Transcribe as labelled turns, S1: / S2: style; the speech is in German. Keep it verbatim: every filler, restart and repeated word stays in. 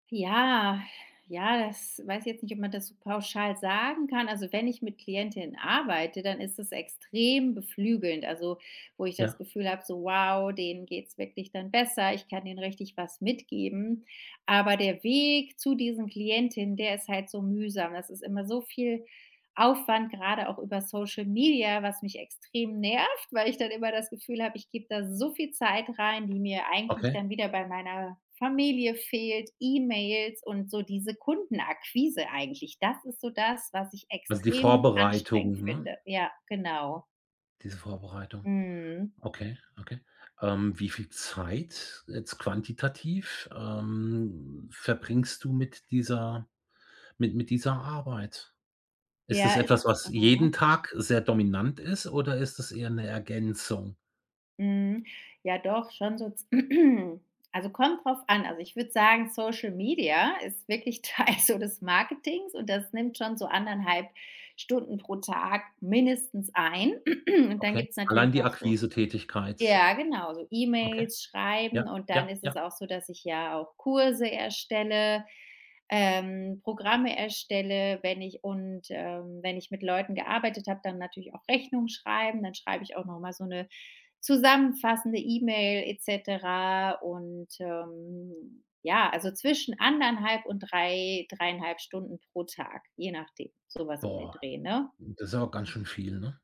S1: Ja, ja, das weiß ich jetzt nicht, ob man das so pauschal sagen kann. Also, wenn ich mit Klientinnen arbeite, dann ist es extrem beflügelnd, also, wo ich das
S2: Ja.
S1: Gefühl habe: So wow, denen geht es wirklich dann besser. Ich kann denen richtig was mitgeben. Aber der Weg zu diesen Klientinnen, der ist halt so mühsam. Das ist immer so viel Aufwand, gerade auch über Social Media, was mich extrem nervt, weil ich dann immer das Gefühl habe, ich gebe da so viel Zeit rein, die mir eigentlich
S2: Okay.
S1: dann wieder bei meiner Familie fehlt, E-Mails und so diese Kundenakquise eigentlich. Das ist so das, was ich
S2: Also, die
S1: extrem anstrengend
S2: Vorbereitung, ne?
S1: finde. Ja, genau.
S2: Diese Vorbereitung.
S1: Mhm.
S2: Okay, okay. Ähm, wie viel Zeit jetzt quantitativ, ähm, verbringst du mit dieser mit mit dieser Arbeit? Ist es
S1: Ja,
S2: etwas,
S1: ist's
S2: was jeden Tag sehr dominant ist oder ist es eher 'ne Ergänzung?
S1: Mhm, ja doch, schon so z also, kommt drauf an. Also, ich würde sagen, Social Media ist wirklich Teil so des Marketings und das nimmt schon so eineinhalb Stunden pro Tag mindestens ein. Und dann
S2: Okay.
S1: gibt es
S2: Allein
S1: natürlich
S2: die
S1: noch so
S2: Akquisetätigkeit?
S1: ja genau, so
S2: Okay.
S1: E-Mails
S2: Ja,
S1: schreiben und dann
S2: ja,
S1: ist
S2: ja.
S1: es auch so, dass ich ja auch Kurse erstelle, ähm, Programme erstelle. Wenn ich und, ähm, wenn ich mit Leuten gearbeitet habe, dann natürlich auch Rechnungen schreiben. Dann schreibe ich auch noch mal so 'ne zusammenfassende E-Mail et cetera. Und, ähm, ja also, zwischen eineinhalb und drei, dreieinhalb Stunden pro Tag, je nachdem, so was um den
S2: Boah,
S1: Dreh, ne?
S2: das ist aber ganz schön viel, ne?